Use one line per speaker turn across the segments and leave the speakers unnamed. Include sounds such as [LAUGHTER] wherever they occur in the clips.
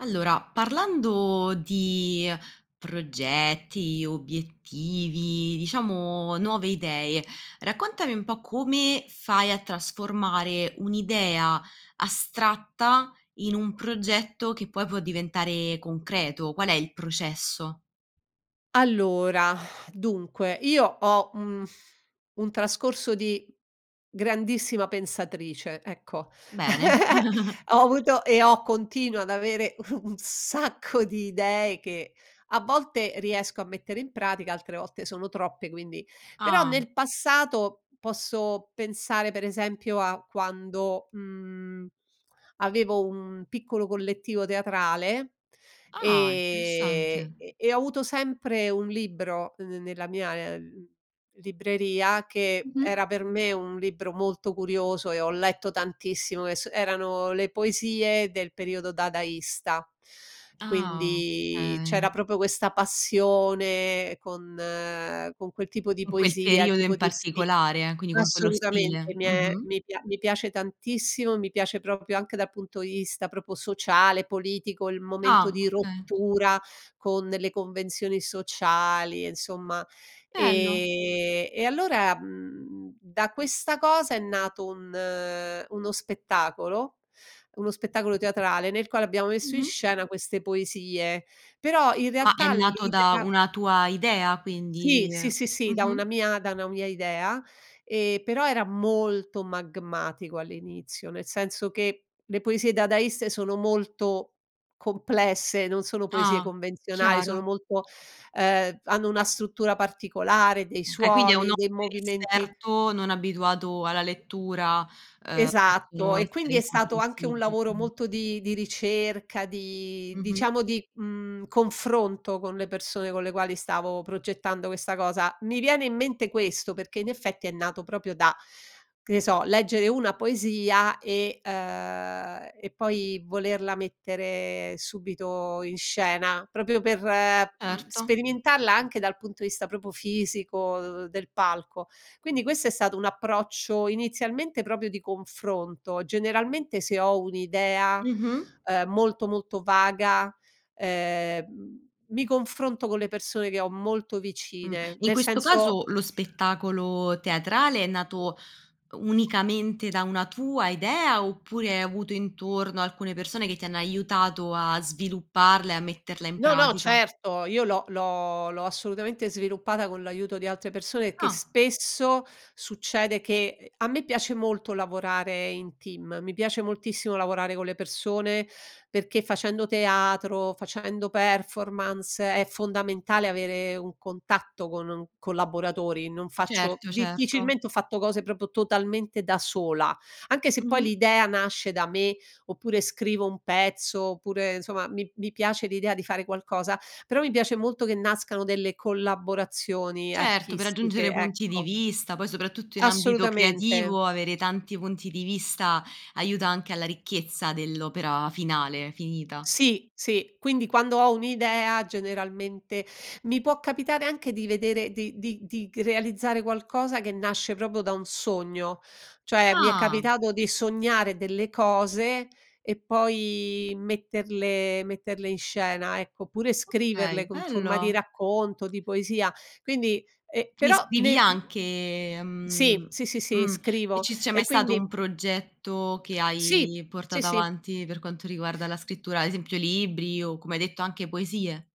Allora, parlando di progetti, obiettivi, diciamo nuove idee, raccontami un po' come fai a trasformare un'idea astratta, in un progetto che poi può diventare concreto, qual è il processo?
Allora dunque io ho, mhmm, un trascorso di grandissima pensatrice, ecco.
Bene.
[LAUGHS]
[CHUCKLES]
Ho avuto e ho continuo ad avere un un sacco di idee che a volte riesco a mettere in pratica, altre volte sono troppe quindi però
Ah.
nel passato, posso pensare per esempio a quando, mhmm, avevo un piccolo collettivo teatrale,
Ah,
ehm,
interessante.
e e ho avuto sempre un libro n ne nella mia, uhm, libreria che era
Mh-mh.
per me un libro molto curioso e ho letto tantissimo che s erano le poesie del periodo dadaista.
Ah,
Quindi c'era
okay.
proprio questa passione con con quel tipo di
In quel
poesia, il
periodo
tipo
in
di sti
particolare, quindi con quello
assolutamente
stile.
mi è
Mh-mh.
mi pia mi piace tantissimo, mi piace proprio anche dal punto di vista proprio sociale, politico, il momento
Ah,
di
okay.
rottura con le convenzioni sociali, insomma, ehm,
Bello.
e allora, mhmm, da questa cosa è nato un uno spettacolo, uno spettacolo teatrale nel quale abbiamo messo in
Mh-mh.
scena queste poesie, però in
Ma è
realtà
nato da
l'idea
una tua idea,
Sì,
quindi?
sì, sì, sì, da una
Mh-mh.
mia da una mia idea. Ehm, però era molto magmatico all'inizio, nel senso che le poesie dadaiste sono molto complesse, non sono poesie
Ah,
convenzionali, sono
chiaro.
molto ehm, hanno una struttura particolare, dei
Okay, quindi a
suoni,
un'occhio
dei movimenti
inesperto, non abituato alla lettura, ehm,
Esatto,
possono
e
essere
quindi è stato anche un
incomprensibili,
lavoro
mh.
molto di di ricerca, di
Mh-mh.
diciamo di, mhmm, confronto con le persone con le quali stavo progettando questa cosa. Mi viene in mente questo perché, in effetti, è nato proprio da, che ne so, leggere una poesia e uhm, e poi volerla mettere subito in scena proprio per, mhmm,
Erto.
sperimentarla anche dal punto di vista proprio fisico, [UNINTELLIGIBLE] del palco. Quindi questo è stato un approccio, inizialmente, proprio di confronto. Generalmente se ho un'idea,
Mh-mh.
uhm, molto, molto vaga, ehm, mi confronto con le persone che ho molto
Mh.
vicine.
In
Nel
questo
senso
caso lo spettacolo teatrale è nato, uhm, unicamente da una tua idea, oppure hai avuto intorno alcune persone che ti hanno aiutato a svilupparla e a metterla in
No, no
pratica?
certo! Io l'ho l'ho l'ho assolutamente sviluppata con l'aiuto di altre persone che
Ah.
spesso, succede che ehm, a me piace molto lavorare in team, mi piace moltissimo lavorare con le persone, perché facendo teatro, facendo performance, è fondamentale avere un contatto con un collaboratori, non faccio
Certo, certo.
difficilmente ho fatto cose proprio totalmente da sola. Anche se poi
Mh-mh.
l'idea nasce da me, oppure scrivo un pezzo, oppure insomma, mi mi piace l'idea di fare qualcosa, però mi piace molto che nascano delle collaborazioni
Certo, per aggiungere
artistiche,
punti di
ecco.
vista. Poi soprattutto in ambito
Assolutamente.
creativo, avere tanti punti di vista, aiuta anche alla ricchezza dell'opera finale, finita.
Sì, sì, quindi quando ho un'idea, generalmente mi può capitare anche di vedere di di di c realizzare qualcosa che nasce proprio da un sogno, cioè mi è
Ah.
capitato di sognare delle cose e poi metterle metterle in scena ecco, oppure
Okay,
scriverle con forma di
bello.
racconto, di poesia. Quindi, ehm, però
[UNINTELLIGIBLE]
ne mhmm,
anche, mhmm
sì, sì, sì, sì,
mh. E
scrivo.
ci c'è mai
E
stato un
quindi
progetto che
Sì,
hai
sì,
portato
sì.
avanti per quanto riguarda la scrittura, ad esempio libri o, come hai detto, anche poesie?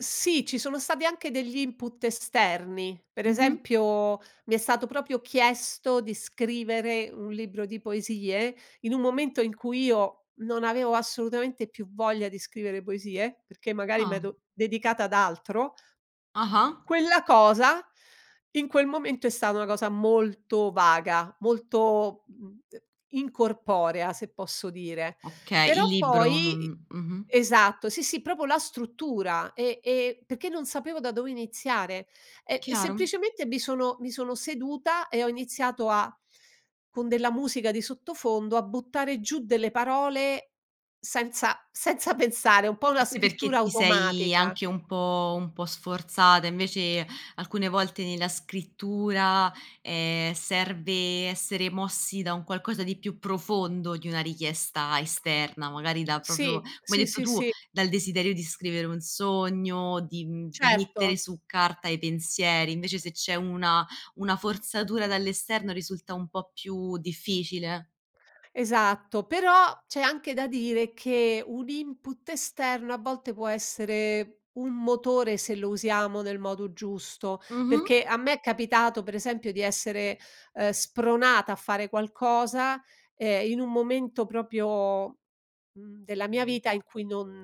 Sì, ci sono stati anche degli input esterni. Per
Mh-mh.
esempio, mi è stato proprio chiesto di scrivere un libro di poesie, in un momento in cui io non avevo assolutamente più voglia di scrivere poesie, perché magari
Ah.
medo dedicata ad altro.
Ah-ah.
Quella cosa, in quel momento è stata una cosa molto vaga, molto, mhmm, [UNINTELLIGIBLE] incorporea, se posso dire.
Okay, il
Però
libro?
poi, i
Non mh-mh.
Esatto, sì, sì, proprio la struttura, e e perché non sapevo da dove iniziare, e e
Chiaro.
semplicemente mi sono mi sono seduta e ho iniziato a con della musica di sottofondo, a buttare giù delle parole, senza senza pensare un po' una
Forse perché
scrittura
ti sei
automatica.
anche un po' un po' sforzata, invece alcune volte nella scrittura, ehm, serve essere mossi da un qualcosa di più profondo di una richiesta esterna, magari da proprio,
Sì,
come hai
sì,
detto
sì,
tu,
sì.
dal desiderio di scrivere un sogno di, mhmm di mettere
Certo.
su carta i pensieri, invece se c'è una una forzatura dall'esterno risulta un po' più difficile.
Esatto. Però, c'è anche da dire che un input esterno a volte può essere un motore, se lo usiamo nel modo giusto,
Mh-mh.
perché a me è capitato, pre esempio, di essere, uhm, spronata a fare qualcosa, ehm, in un momento proprio, mhmm, della mia vita in cui non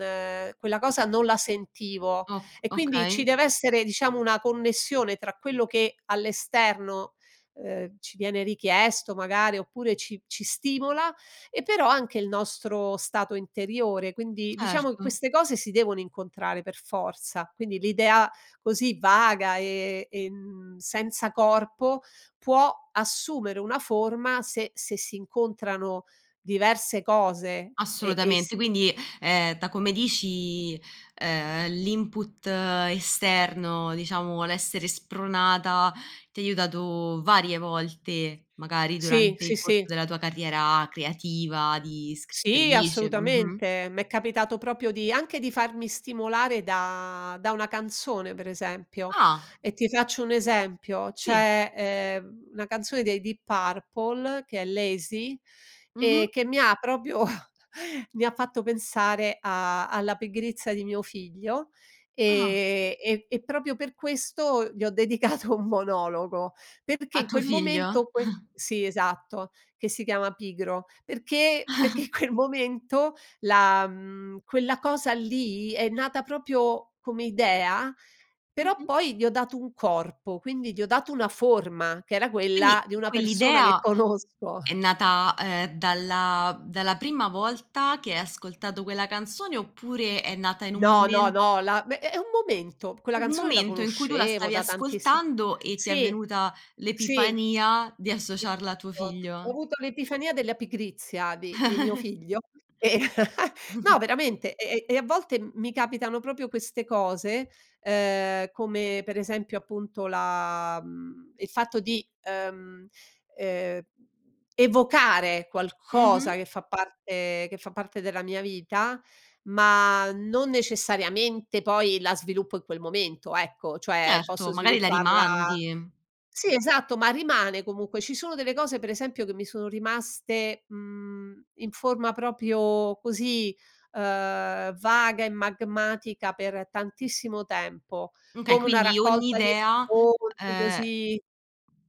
quella cosa non la sentivo;
O
e quindi
okay.
ci dev'essere, diciamo, una connessione tra quello che all'esterno, uhm, ci viene richiesto magari, oppure ci ci stimola e però anche il nostro stato interiore. Quindi, diciamo, che
Certo.
queste cose si devono incontrare, per forza. Quindi, l'idea così vaga e e en senza corpo, può assumere una forma se se si incontrano diverse cose, e e
Assolutamente.
si
Quindi, ehm, da come dici, ehm, l'input esterno, diciamo, l'essere spronata ti aiutato varie volte, magari
Sì,
durante
sì,
il corso
sì.
della tua carriera creativa di
Sì,
scrittrice mh-mh.
assolutamente. M'è capitato proprio di anche di farmi stimolare da da una canzone pre esempio,
Ah!
e ti faccio un esempio:
Sì.
c'è, ehm, una canzone dei Deep Purple che è Lazy,
Mh-mh.
ehm, che mi ha proprio [CHUCKLES] mi ha fatto pensare a alla pigrizia di mio figlio,
Ah.
ehm, e e proprio per questo gli ho dedicato un monologo, perché
A
in
tuo
quel momento,
figlio?
que
[CHUCKLES]
Sì, esatto, che si chiama "Pigro," perché perché
[CHUCKLES]
quel momento la mhmm, quella cosa lì è nata proprio come idea, però
Mh-mh.
poi gli ho dato un corpo, quindi gli ho dato una forma, che era quella
Quindi,
di una persona che
quell'idea
conosco.
è
[CHUCKLES]
nata, ehm, dalla dalla prima volta che hai ascoltato quella canzone? Oppure, è nata in un
No,
mome
no, no la be è è un momento. Quella
un
canzone la
momento in cui tu la
conoscevo
stavi
da tantissimo
ascoltando e ti è
Sì,
venuta
sì
l'epifania di associarla a tuo
[UNINTELLIGIBLE] ho
figlio?
avuto l'epifania della pigrizia di di mio figlio, e e [CHUCKLES] no,
[CHUCKLES]
veramente e e e a volte m mi capitano proprio queste cose, ehm, come, pre esempio, appunto la mhmm, il fatto di, ehm ehm, evocare qualcosa
Mh-mh.
che fa parte che fa parte della mia vita, ma non necessariamente poi la sviluppo in quel momento, ecco, cioè
Certo,
posso
magari la
svilupparla
rimandi.
Sì, esatto, ma rimane comunque. Ci sono delle cose, pre esempio, che mi sono rimaste, mhmm, in forma proprio così, uhm, vaga e magmatica per tantissimo tempo,
M okay
come una
quindi ogni
raccolta di
idea,
racconti,
ehm,
così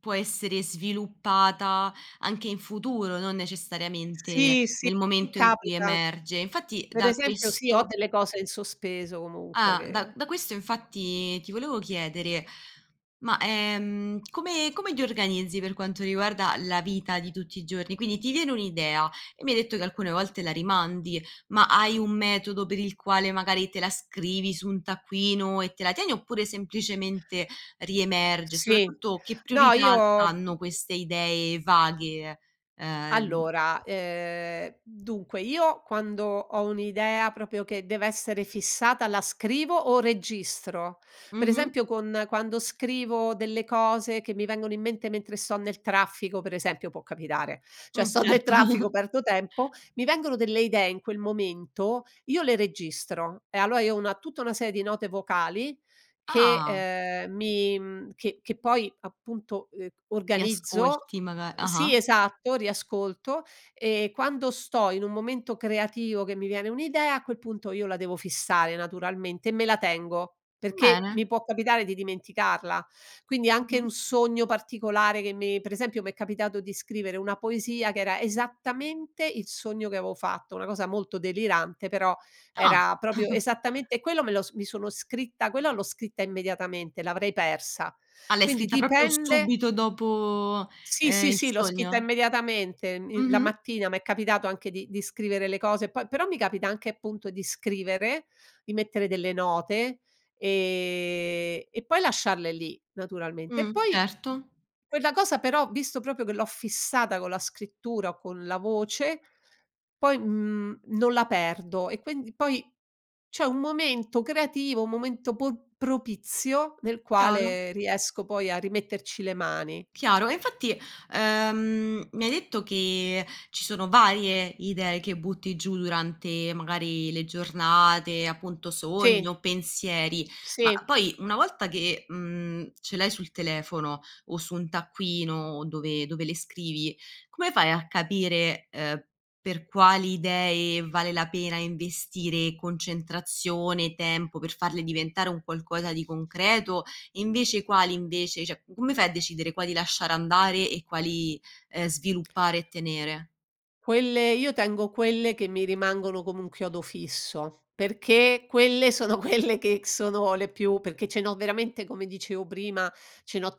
può essere sviluppata anche in futuro, non necessariamente
Sì, sì,
nel
mi
momento in cui
capita.
emerge; infatti,
Pre
da
esempio sì, ho
questo
delle cose in sospeso comunque
Ah, da
che
da questo infatti ti volevo chiedere: ma, ehm, come come ti organizzi per quanto riguarda la vita di tutti i giorni? Quindi: ti viene un'idea e mi hai detto che alcune volte la rimandi, ma hai un metodo per il quale, magari te la scrivi su un taccuino e te la tieni, oppure semplicemente riemerge? E
Sì,
soprattutto, che
no,
priorità n
io
hanno queste idee vaghe, ehm, n
Allora, ehm, dunque io quando ho un'idea proprio che deve essere fissata la scrivo o registro. Pre
Mh-mh.
esempio, con quando scrivo delle cose che mi vengono in mente mentre sto nel traffico, pre esempio, può capitare, cioè
Mh,
sto nel traffico,
certo.
perdo tempo, mi vengono delle idee in quel momento, io le registro; e allora io ho una tutta una serie di note vocali che,
Ah!
ehm, mi, mhmm, che che poi appunto, ehm, organizzo
Riascolti maga ah-ah.
Sì esatto, riascolto e quando sto in un momento creativo che mi viene un'idea, a quel punto io la devo fissare, naturalmente, e me la tengo, perché
Bene.
mi può capitare di dimenticarla. Quindi, anche
Mh-mh.
un sogno particolare che mi pre esempio mi è capitato di scrivere una poesia che era esattamente il sogno che avevo fatto, una cosa molto delirante, però,
Ah!
era proprio
[CHUCKLES]
esattamente e quello me lo s mi sono scritta quella l'ho scritta immediatamente, l'avrei persa.
Ah, l'hai
Quindi,
scritta proprio
dipende
subito dopo,
Sì,
ehm,
sì,
il
sì l'ho scritta
sogno?
immediatamente min la
Mh-mh.
mattina m'è capitato anche di di scrivere le cose, e poi però mi capita anche, appunto, di scrivere, di mettere delle note, ehm, e poi lasciarle lì, naturalmente. E
Mh,
poi,
certo.
quella cosa però, visto proprio che l'ho fissata con la scrittura, o con la voce poi, mhmm, non la perdo. E quindi poi c'è un momento creativo, un momento po propizio nel
Chiaro.
quale riesco poi a rimetterci le mani.
Chiaro, e infatti, ehm, mi hai detto che ci sono varie idee che butti giù durante, magari, le giornate, appunto, sogni
Sì.
o pensieri. Ma
Sì.
poi una volta che, mhmm, ce l'hai sul telefono o su un taccuino dove dove le scrivi, come fai a capire, ehm, per quali idee vale la pena investire concentrazione, tempo, per farle diventare un qualcosa di concreto? E invece quali, invece cioè, come fai a decidere quali lasciare andare e quali, ehm, sviluppare e tenere?
Quelle io tengo quelle che mi rimangono come un chiodo fisso, perché quelle sono quelle che sono le più perché ce n'ho veramente come dicevo prima, ce n'ho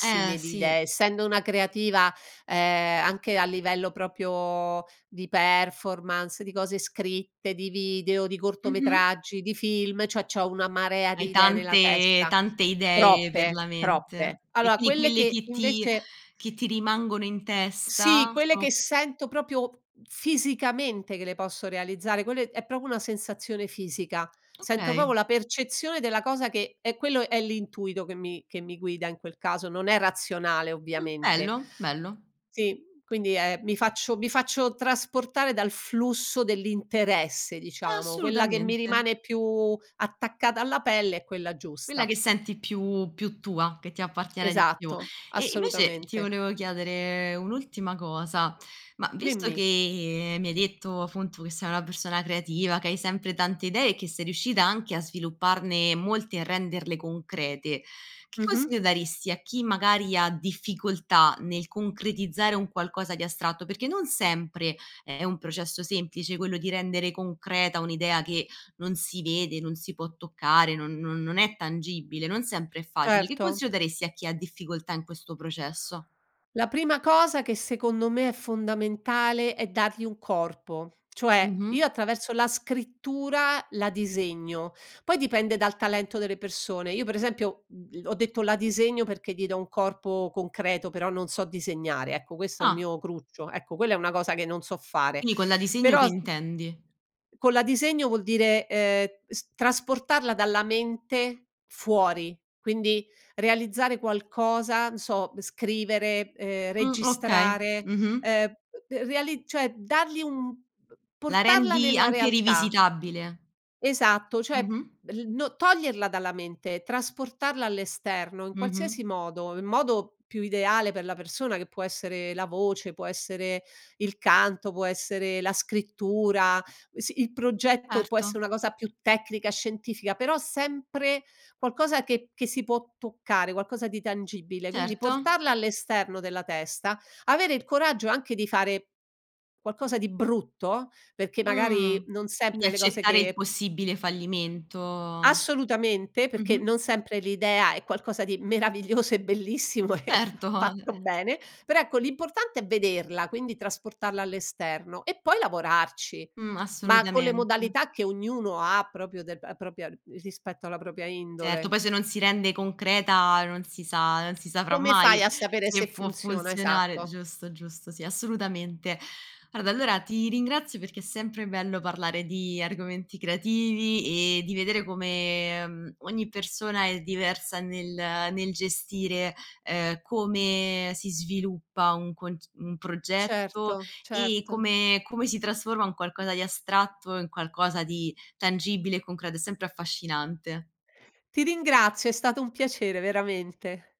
Eh,
di
sì.
idee, essendo una creativa, uhm, anche a livello proprio di performance, di cose scritte, di video, di
Mh-mh.
cortometraggi, di film, cioè, c'ho una marea
Hai
di idee nella
tante
testa.
tante idee per
Troppe.
la mente.
Troppe.
E,
Allora,
quindi
quelle
quelle
che
che ti
invece
che ti rimangono in
Sì,
testa
quelle
sono
che sento proprio f fisicamente che le posso realizzare, quelle è proprio una sensazione fisica. Sento proprio
Okay.
la percezione della cosa che è quello è l'intuito che mi che mi guida in quel caso, non è razionale,
Mh.
ovviamente
Bello, bello.
Sì, quindi è mi faccio mi faccio trasportare dal flusso dell'interesse, diciamo. Quella che mi
Assolutamente.
rimane più attaccata alla pelle è quella
Quella
giusta.
che senti più più tua, che ti appartiene di più.
Esatto,
E, invece, ti
assolutamente.
volevo chiedere un'ultima cosa, ma visto
Dimmi.
che mi hai detto, appunto, che sei una persona creativa, che hai sempre tante idee e che sei riuscita anche a svilupparne molte, e a renderle concrete, che
Mh-mh.
consiglio daresti a chi, magari, ha difficoltà nel concretizzare un qualcosa di astratto? Perché non sempre è un processo semplice quello di rendere concreta un'idea che non si vede, non si può toccare, non non non è tangibile, non sempre è facile. Che
Certo.
consiglio daresti a chi ha difficoltà in questo processo?
La prima cosa che, secondo me, è fondamentale, è dargli un corpo. Cioè, io
Mh-mh.
attraverso la scrittura, la disegno. Poi, dipende dal talento delle persone. Io per esempio, mhmm, l ho detto la disegno perché gli do un corpo concreto, però non so disegnare, ecco, questo è un
Ah.
mio cruccio, ecco, quella è una cosa che non so fare.
Quindi, con "la disegno"
Però
che
s
intendi?
con la disegno vuol dire, ehm, s trasportarla dalla mente fuori, quindi realizzare qualcosa, n so, scrivere, ehm,
Mh, okay.
registrare,
Mh-mh.
uhm, b reali cioè dargli un b
La
portarla
rendi
nella
anche
realtà.
rivisitabile.
Esatto, cioè
Mh-mh.
l no toglierla dalla mente, trasportarla all'esterno, in
Mh-mh.
qualsiasi modo, in modo più ideale per la persona che può essere la voce, può essere il canto, può essere la scrittura, sì il progetto e può esse
Erto.
una cosa più tecnica, scientifica, però sempre qualcosa che che si può toccare, qualcosa di tangibile. Quindi,
Certo.
portarla all'esterno della testa, avere il coraggio anche di fare qualcosa di brutto, perché, magari,
Mh.
non
Quindi
sempre le cose
accettare il
che
possibile fallimento.
Assolutamente, perché
Mh-mh.
non sempre l'idea è qualcosa di meraviglioso e bellissimo e fa
Certo.
fatto
[CHUCKLES]
bene, però, ecco, l'importante è vederla, quindi, trasportarla all'esterno, e poi, lavorarci.
Mh.
Ma, con le
Assolutamente.
modalità che ognuno ha proprio della propria uhm, rispetto alla propria
Certo.
indole.
Poi, se non si rende concreta, non si sa non si saprà
Come fai
mai
a sapere
se
se
può
funziona?
funzionare.
Esatto.
Giusto, giusto. Sì. Assolutamente. Guarda, allora ti ringrazio perché è sempre bello parlare di argomenti creativi, e di vedere come, mhmm, ogni persona è diversa nel nel gestire, uhm, come si sviluppa un conc un progetto,
Certo,
e
certo.
come come si trasforma un qualcosa di astratto in qualcosa di tangibile e concreto. È sempre affascinante.
Ti ringrazio. È stato un piacere, veramente.